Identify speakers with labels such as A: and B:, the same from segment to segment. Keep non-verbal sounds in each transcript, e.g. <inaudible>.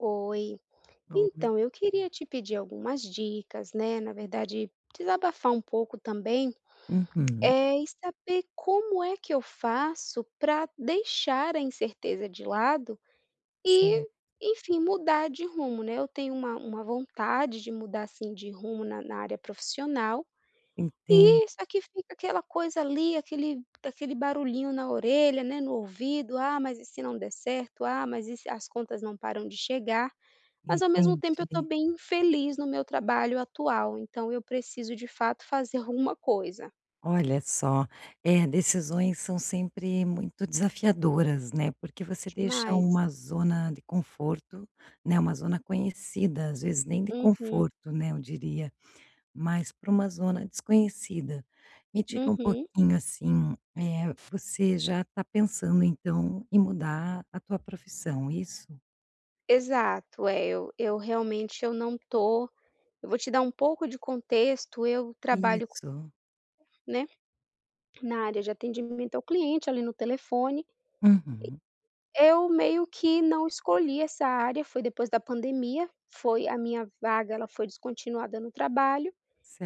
A: Oi.
B: Ou me
A: Então, eu queria te pedir algumas dicas, né, na verdade, desabafar um pouco também,
B: Uhum.
A: eh, e saber como é que eu faço para deixar a incerteza de lado,
B: Certo.
A: e enfim, mudar de rumo, né. Eu tenho uma uma vontade de mudar, assim, de rumo na na área profissional
B: Entendo.
A: e só que fica aquela coisa ali, aquele daquele barulhinho na orelha, né, no ouvido: "Ah, mas e se não der certo. Ah, mas e se, as contas não param de chegar". Mas ao mesmo tempo, eu tô
B: Entendi.
A: bem infeliz no meu trabalho atual. Então eu preciso, de fato, fazer alguma coisa.
B: Olha só, eh, decisões são sempre muito desafiadoras, né. Porque você deixa
A: Demais.
B: uma zona de conforto, né. Uma zona conhecida, às vezes nem de
A: Uhum.
B: conforto, né, eu diria, mas pra uma zona desconhecida. Me diga um
A: Uhum.
B: pouquinho, assim, eh, você já tá pensando, então, em mudar a tua profissão, isso?
A: Exato é eu eu realmente eu não tô eu vou te dar um pouco de contexto, eu trabalho co
B: Isso.
A: né na área de atendimento ao cliente, ali, no telefone
B: Uhum.
A: eh, eu meio que não escolhi essa área, foi depois da pandemia, foi a minha vaga ela foi descontinuada no trabalho,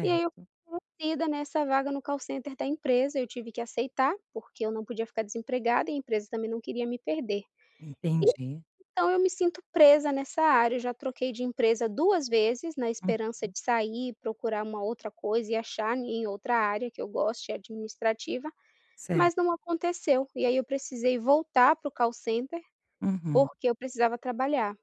A: e aí, eu fui envolvida nessa vaga no call center da empresa, eu tive que aceitar, porque eu não podia ficar desempregada e a empresa também não queria me perder.
B: Entendi.
A: Então, eu me sinto presa nessa área, eu já troquei de empresa 2 vezes na esperança
B: Uhum.
A: de sair e procurar uma outra coisa e achar ne em outra área que eu goste administrativa, mas
B: Certo.
A: não aconteceu, e aí eu precisei voltar para o call center
B: Uhum.
A: porque eu precisava trabalhar.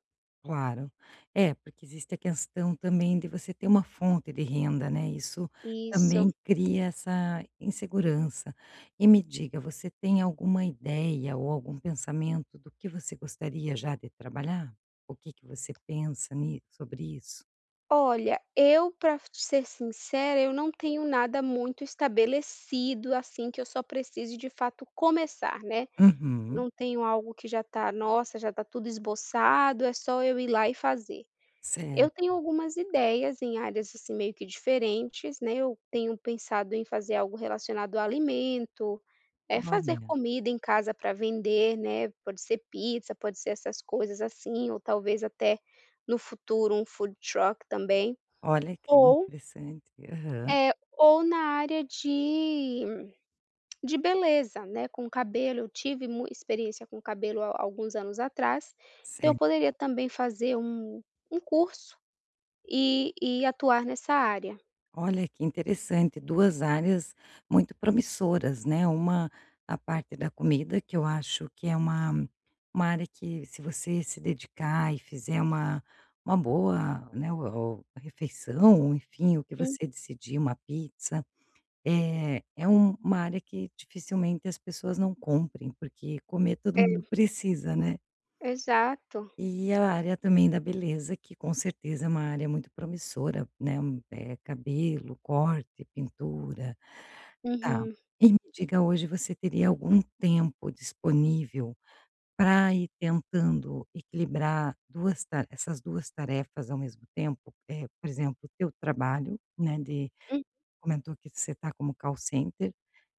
B: Claro. É, porque existe a questão também de você ter uma fonte de renda, né, isso
A: Isso.
B: também cria essa insegurança. E me diga, você tem alguma ideia ou algum pensamento do que você gostaria já de trabalhar? O que que você pensa ni sobre isso?
A: Olha, eu pra ser sincera eu não tenho nada muito estabelecido, assim, que eu só precise de fato começar, né,
B: Uhum.
A: não tenho algo que já tá: "Nossa, já tá tudo esboçado, é só eu ir lá e fazer".
B: Certo.
A: Eu tenho algumas ideias em áreas, assim, meio que diferentes, né, eu tenho pensado em fazer algo relacionado a alimento, é, fazer
B: Olha.
A: comida em casa pra vender, né, pode ser pizza, pode ser essas coisas, assim, ou talvez até no futuro um Food Truck também,
B: Olha que
A: ou
B: interessante. Aham.
A: eh, ou na área de <clicks tongue> de beleza, né, com cabelo, eu tive mu experiência com cabelo há há alguns anos atrás, então eu
B: Ce
A: poderia também fazer um um curso, e e atuar nessa área.
B: Olha que interessante, 2 áreas muito promissoras, né. Uma a parte da comida, que eu acho que é uma uma área que, se você se dedicar e fizer uma uma boa, né, o refeição, enfim, o que
A: Hum.
B: você decidir, uma pizza. Eh, é um uma área que dificilmente as pessoas não comprem, porque comer todo mundo
A: É.
B: precisa, né?
A: Exato.
B: E a área também da beleza, que com certeza é uma área muito promissora, né. Eh, cabelo, corte, pintura. Tá,
A: Uhum.
B: e me diga: hoje você teria algum tempo disponível para ir tentando equilibrar 2 ta essas 2 tarefas ao mesmo tempo? Eh, por exemplo, o teu trabalho, né. De
A: Hum.
B: comentou que você tá como call center,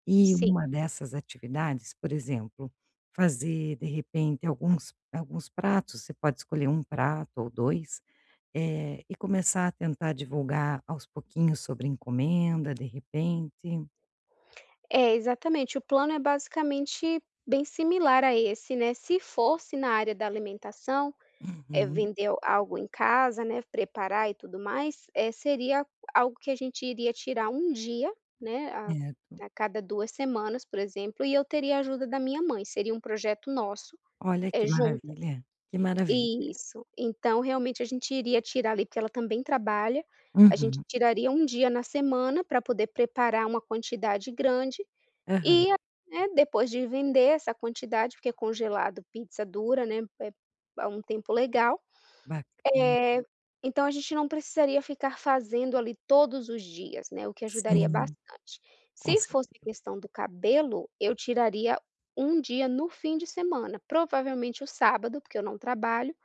B: e
A: Sim.
B: uma dessas atividades, por exemplo, fazer de repente alguns alguns pratos, você pode escolher um prato ou 2, eh, e começar a tentar divulgar aos pouquinhos sobre encomenda, de repente.
A: É, exatamente, o plano é basicamente bem similar a esse, né. Se fosse na área da alimentação, eh,
B: Uhum.
A: vender algo em casa, né. Preparar e tudo mais, eh, seria algo que a gente iria tirar 1 dia, né. A
B: Certo.
A: cada 2 semanas, por exemplo, e eu teria ajuda da minha mãe. Seria um projeto nosso,
B: Olha que
A: eh, juntas,
B: maravilha, que maravilha.
A: isso. Então realmente a gente iria tirar ali, porque ela também trabalha, a gente
B: Uhum.
A: tiraria 1 dia na semana para poder preparar uma quantidade grande,
B: Aham.
A: e, né, depois de vender essa quantidade, porque congelado pizza dura, né é a um tempo legal,
B: Baca na.
A: eh, então a gente não precisaria ficar fazendo ali todos os dias, né. O que ajudaria
B: Sim,
A: bastante.
B: com
A: Se fosse a
B: certeza.
A: questão do cabelo, eu tiraria 1 dia no fim de semana, provavelmente o sábado, porque eu não trabalho,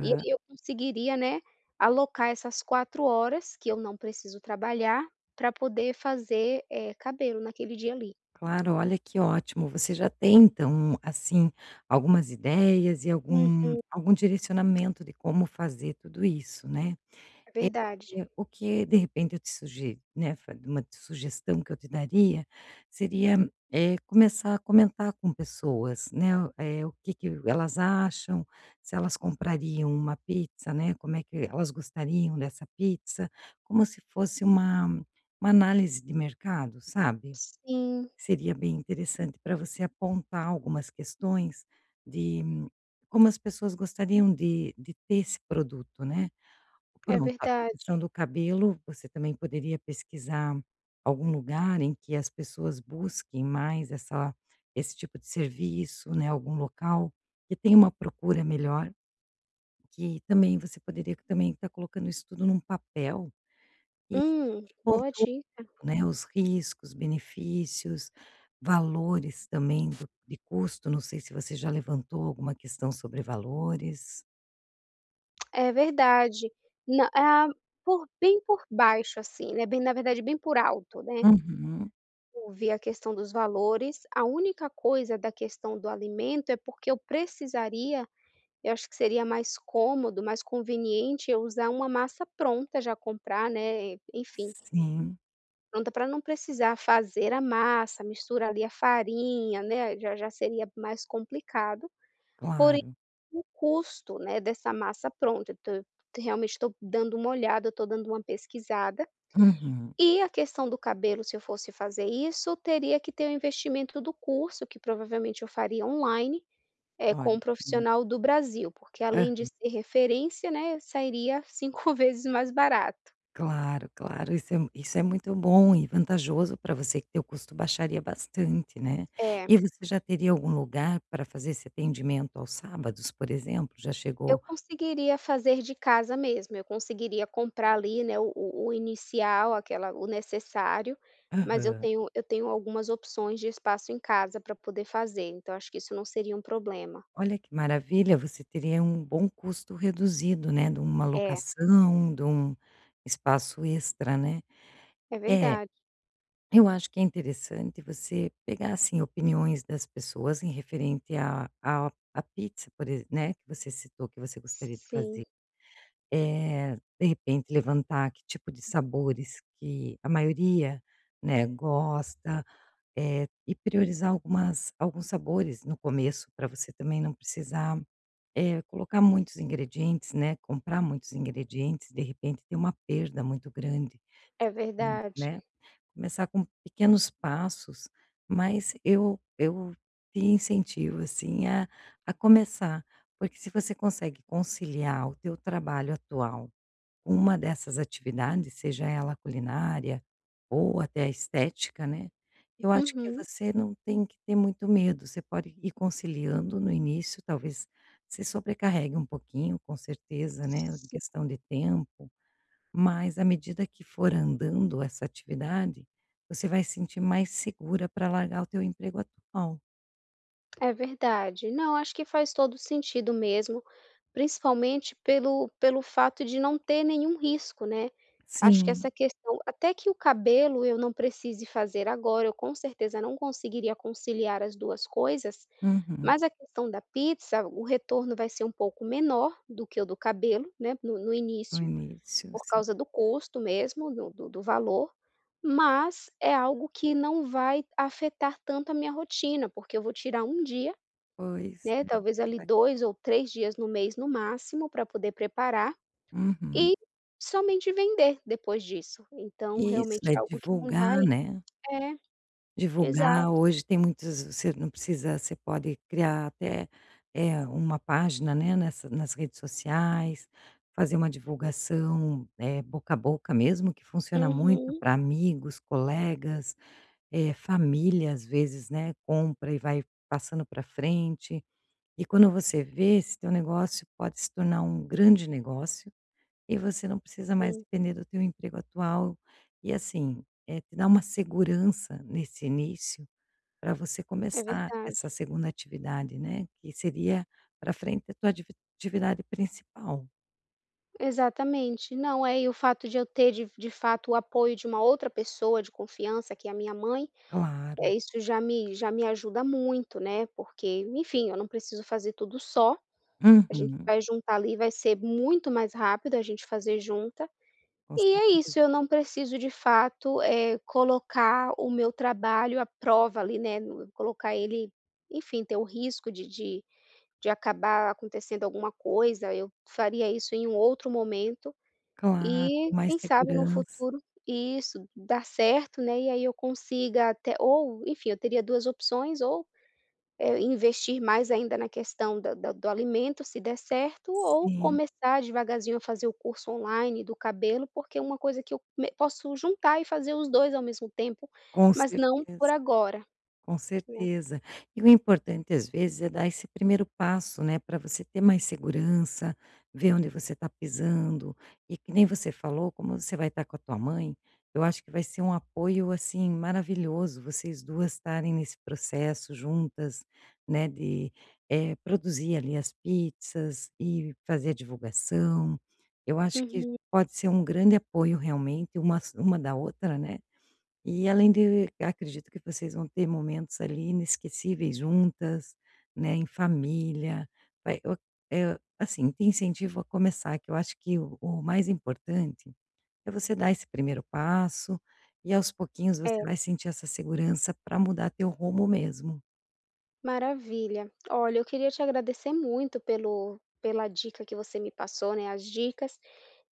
A: e aí eu conseguiria, né. Alocar essas 4 horas que eu não preciso trabalhar para poder fazer, eh, cabelo naquele dia ali.
B: Claro, olha que ótimo, você já tem então, hum, assim, algumas ideias e algum,
A: Uhum.
B: algum direcionamento de como fazer tudo isso, né.
A: É
B: É,
A: verdade.
B: o que de repente eu te sugi né. Fari uma sugestão que eu te daria, seria, eh, começar a comentar com pessoas, né. É, o que que elas acham, se elas comprariam uma pizza, né. Como é que elas gostariam dessa pizza, como se fosse uma uma análise de mercado, sabe.
A: Sim.
B: Seria bem interessante para você apontar algumas questões de como as pessoas gostariam de de ter esse produto, né. Pra
A: É
B: montar
A: verdade.
B: pensando cabelo, você também poderia pesquisar algum lugar em que as pessoas busquem mais essa, esse tipo de serviço, né. Algum local que tenha uma procura melhor que também você poderia também estar colocando isso tudo em um papel, e que
A: Hum,
B: pontu
A: boa dica.
B: e, né, os riscos, benefícios, valores também do, de custo. Não sei se você já levantou alguma questão sobre valores?
A: É verdade, não hã, por bem por baixo assim, eh, bem na verdade bem por alto, né.
B: Uhum.
A: Ouvir a questão dos valores, a única coisa da questão do alimento é porque eu precisaria, eu acho que seria mais cômodo, mais conveniente eu usar uma massa pronta já comprar, né, enfim
B: Sim.
A: pronta para não precisar fazer a massa, misturar ali a farinha, né, já já seria mais complicado, porém
B: Claro.
A: o custo, né, dessa massa pronta então eu realmente estou dando uma olhada, eu estou dando uma pesquisada,
B: Uhum.
A: e a questão do cabelo se eu fosse fazer isso teria que ter o investimento do curso que provavelmente eu faria online, com
B: Olha
A: um
B: que mara
A: profissional do Brasil porque além de
B: Aham.
A: ser referência, né, sairia 5 vezes mais barato.
B: Claro, claro, isso é um isso é muito bom e vantajoso para você que teu custo baixaria bastante, né,
A: É.
B: e você já teria algum lugar para fazer esse atendimento aos sábados por exemplo, já
A: Eu
B: chegou
A: conseguiria fazer de casa mesmo, eu conseguiria comprar ali, né, o o o inicial, aquela o necessário, mas eu
B: Aham.
A: tenho eu tenho algumas opções de espaço em casa para poder fazer então acho que isso não seria um problema.
B: Olha que maravilha, você teria um bom custo reduzido, né, de uma
A: É.
B: locação, de um espaço extra, né,
A: É
B: é,
A: verdade.
B: eu acho que é interessante você pegar assim opiniões das pessoas em referente a a a pizza por exem né, que você citou que você
A: S
B: gostaria de fazer.
A: sim.
B: Eh, de repente levantar que tipo de sabores que a maioria, né, gosta, eh, e priorizar algumas alguns sabores no começo para você também não precisar, eh, colocar muitos ingredientes, né, comprar muitos ingredientes de repente ter uma perda muito grande,
A: É
B: mui
A: verdade.
B: né, começar com pequenos passos, mas eu eu te incentivo assim a a começar, porque se você consegue conciliar o teu trabalho atual, uma dessas atividades, seja ela a culinária, ou até a estética, né, eu acho que
A: Uhum.
B: você não tem que ter muito medo, você pode ir conciliando no início talvez se sobrecarregue um pouquinho com certeza, né, em
A: S sim.
B: questão de tempo, mas à medida que for andando essa atividade, você vai sentir mais segura para largar o teu emprego atual.
A: É verdade. Não, acho que faz todo o sentido mesmo, principalmente pelo pelo fato de não ter nenhum risco, né. Acho que
B: Sim.
A: essa questão até que o cabelo eu não precise fazer agora, eu com certeza não conseguiria conciliar as 2 coisas,
B: Uhum.
A: mas a questão da pizza, o retorno vai ser um pouco menor do que o do cabelo, né, no no
B: No
A: início,
B: início,
A: por
B: sim.
A: causa do custo mesmo do do do valor, mas é algo que não vai afetar tanto a minha rotina, porque eu vou tirar 1 dia,
B: Pois
A: né, talvez, ali,
B: <unintelligible>
A: 2 ou 3 dias no mês, no máximo, pra poder preparar
B: Uhum.
A: e somente vender depois disso. Então,
B: Isso,
A: realmente
B: vai
A: é algo que não vai
B: divulgar, né.
A: É. Exato.
B: Divulgar, hoje tem muitos você não precisa você pode criar até, eh, uma página, né, nessa nas redes sociais, fazer uma divulgação, eh, boca a boca mesmo que funciona muito
A: Uhum.
B: pra amigos, colegas, eh, família às vezes, né, compra e vai passando pra frente. E quando você vê, esse teu negócio pode se tornar um grande negócio, e você não precisa mais
A: Sim.
B: depender do teu emprego atual, e, assim, eh, te dá uma segurança nesse início, pra você
A: É
B: começar
A: verdade.
B: essa 2.ª atividade, né, que seria pra frente a tua divi atividade principal.
A: Exatamente. Não, é. E o fato de eu ter de de fato o apoio de uma outra pessoa de confiança que é a minha mãe,
B: Claro.
A: eh, isso já me já me ajuda muito, né, porque enfim eu não preciso fazer tudo só, a gente
B: Uhum.
A: vai juntar ali, vai ser muito mais rápido a gente fazer junta,
B: Com
A: e é
B: certeza.
A: isso, eu não preciso de fato, eh, colocar o meu trabalho à prova ali né nu colocar ele, enfim, ter o risco de de de acabar acontecendo alguma coisa, eu faria isso em um outro momento,
B: Claro,
A: e
B: com mais
A: quem sabe no
B: segurança.
A: futuro isso dá certo, né, e aí eu consiga até ou, enfim, eu teria 2 opções ou, eh, investir mais ainda na questão da da do alimento se der certo ou
B: Sim.
A: começar devagarzinho a fazer o curso online do cabelo porque é uma coisa que eu me posso juntar e fazer os 2 ao mesmo tempo,
B: Com
A: mas não por
B: certeza,
A: agora,
B: com
A: né.
B: certeza. E o importante às vezes é dar esse primeiro passo, né, para você ter mais segurança, ver onde você está pisando, e que nem você falou, como você vai estar com a tua mãe, eu acho que vai ser um apoio, assim, maravilhoso vocês 2 estarem nesse processo juntas, né, de, eh, produzir ali as pizzas e fazer a divulgação. Eu acho que
A: Uhum.
B: pode ser um grande apoio realmente, umas uma da outra, né, e além de acredito que vocês vão ter momentos ali inesquecíveis juntas, né, em família, vai o eh, assim, te incentivo a começar, que eu acho que o o mais importante é você dar esse primeiro passo. E, aos pouquinhos, você vai
A: É.
B: sentir essa segurança para mudar teu rumo mesmo.
A: Maravilha. Olha, eu queria te agradecer muito pelo pela dica que você me passou, né, as dicas,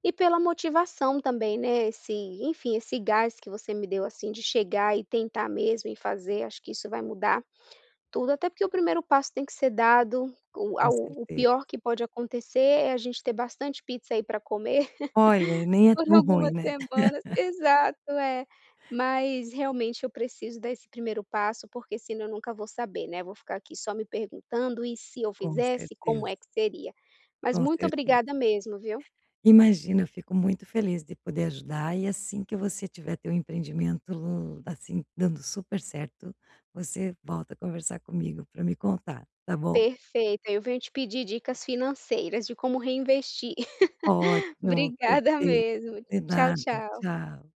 A: e pela motivação também, né, esse, enfim, esse gás que você me deu, assim, de chegar e tentar mesmo e fazer. Acho que isso vai mudar tudo, até porque o 1° passo tem que ser dado, o
B: Com
A: ao o
B: certeza.
A: pior que pode acontecer é a gente ter bastante pizza aí para comer,
B: Olha,
A: <laughs>
B: nem é
A: por
B: tão ruim,
A: algumas
B: né.
A: semanas,
B: <laughs>
A: exato, é, mas realmente eu preciso dar esse primeiro passo porque senão eu nunca vou saber, né. Eu vou ficar aqui só me perguntando: "E e se eu
B: Com
A: fizesse, como
B: certeza.
A: é que seria?". Mas
B: Com
A: muito
B: certeza.
A: obrigada mesmo, viu.
B: Imagina, fico muito feliz de poder ajudar e assim que você tiver teu empreendimento, assim, dando super certo, você volta a conversar comigo para me contar, tá bom.
A: Perfeito, aí eu venho te pedir dicas financeiras de como reinvestir. <laughs>
B: Ótimo,
A: Obrigada
B: perfeito,
A: mesmo.
B: de
A: Tchau,
B: nada,
A: tchau.
B: tchau.